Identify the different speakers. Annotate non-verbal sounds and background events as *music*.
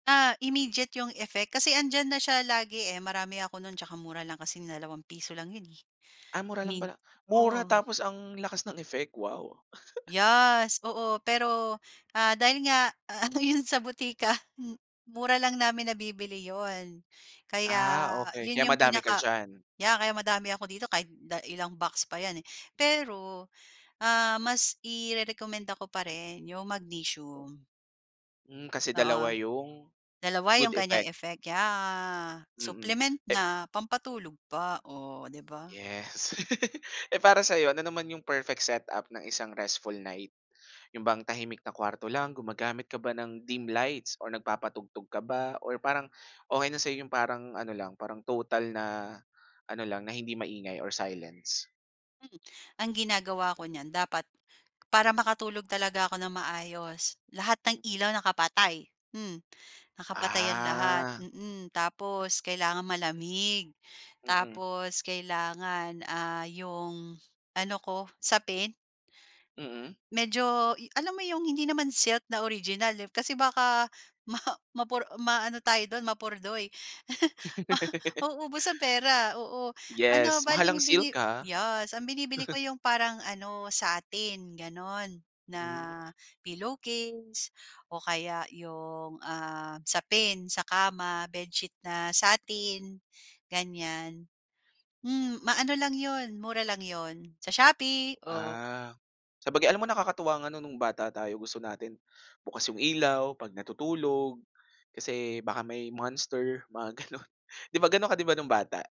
Speaker 1: Ah, immediate 'yung effect kasi 'andiyan na siya lagi eh, marami ako no'n tsaka mura lang kasi ₱2 lang 'yon eh,
Speaker 2: Ah, mura lang
Speaker 1: mint,
Speaker 2: pala, mura
Speaker 1: oo.
Speaker 2: tapos ang lakas ng effect, wow. *chuckles*
Speaker 1: Yes, oo. Pero, ah, dahil nga ano 'yon sa botika m mura lang namin nabibili 'yun, kaya
Speaker 2: Ah, okey.
Speaker 1: 'yun
Speaker 2: Kaya
Speaker 1: 'yung
Speaker 2: madami ka
Speaker 1: pinaka
Speaker 2: diyan.
Speaker 1: yeah, kaya madami ako dito kahit da ilang box pa 'yan, eh. Pero, ah, mas irerekomenda ko pa rin 'yong magnesium.
Speaker 2: Hmm, kasi dalawa
Speaker 1: Oo,
Speaker 2: 'yung
Speaker 1: dalawa
Speaker 2: good
Speaker 1: 'yung kanyang
Speaker 2: effect.
Speaker 1: effect, yeah,
Speaker 2: Mm
Speaker 1: supplement
Speaker 2: eh
Speaker 1: na, pampatulog pa. Oh, di ba?
Speaker 2: Yes. *laughs* Eh, para sa'yo ano naman 'yung perfect setup ng isang restful night 'yun bang tahimik na kuwarto lang, gumagamit ka ba ng dim lights or nagpapatugtog ka ba or parang okey na sa'yo 'yung parang ano lang, parang total na ano lang, na hindi maingay or silence?
Speaker 1: Hmm, ang ginagawa ko niyan dapat para makatulog talaga ako ng maayos lahat ng
Speaker 2: Mm.
Speaker 1: ilaw nakapatay. Hmm, nakapatay 'yan lahat,
Speaker 2: Ah.
Speaker 1: mm, tapos kailangang malamig
Speaker 2: Mm.
Speaker 1: tapos kailangan, ah, 'yong ano ko, sapin
Speaker 2: Mm.
Speaker 1: Medyo yu alam mo 'yong hindi naman silk na original, eh, kasi baka ma mapor maano tayo do'n, mapurdoy. *chuckles* Ma
Speaker 2: *giggles*
Speaker 1: mauubos ang pera, oo, ano
Speaker 2: Yes
Speaker 1: bale
Speaker 2: mahal ang
Speaker 1: ang
Speaker 2: silk,
Speaker 1: bini
Speaker 2: ah.
Speaker 1: yes, ang binibili ko
Speaker 2: *snorts*
Speaker 1: 'yung parang ano satin gano'n, na
Speaker 2: Hmm.
Speaker 1: pillowcase o kaya 'yong, ah, sapin sa kama, bedsheet na satin ganiyan. Hmm, maano lang 'yon mura lang 'yon sa Shopee, oh.
Speaker 2: Ah, sabagay alam mo nakakatuwa nga no'ng bata tayo gusto natin bukas 'yung ilaw 'pag natutulog kasi baka may monster mga gano'n. Di ba, gano'n ka di ba, no'ng bata?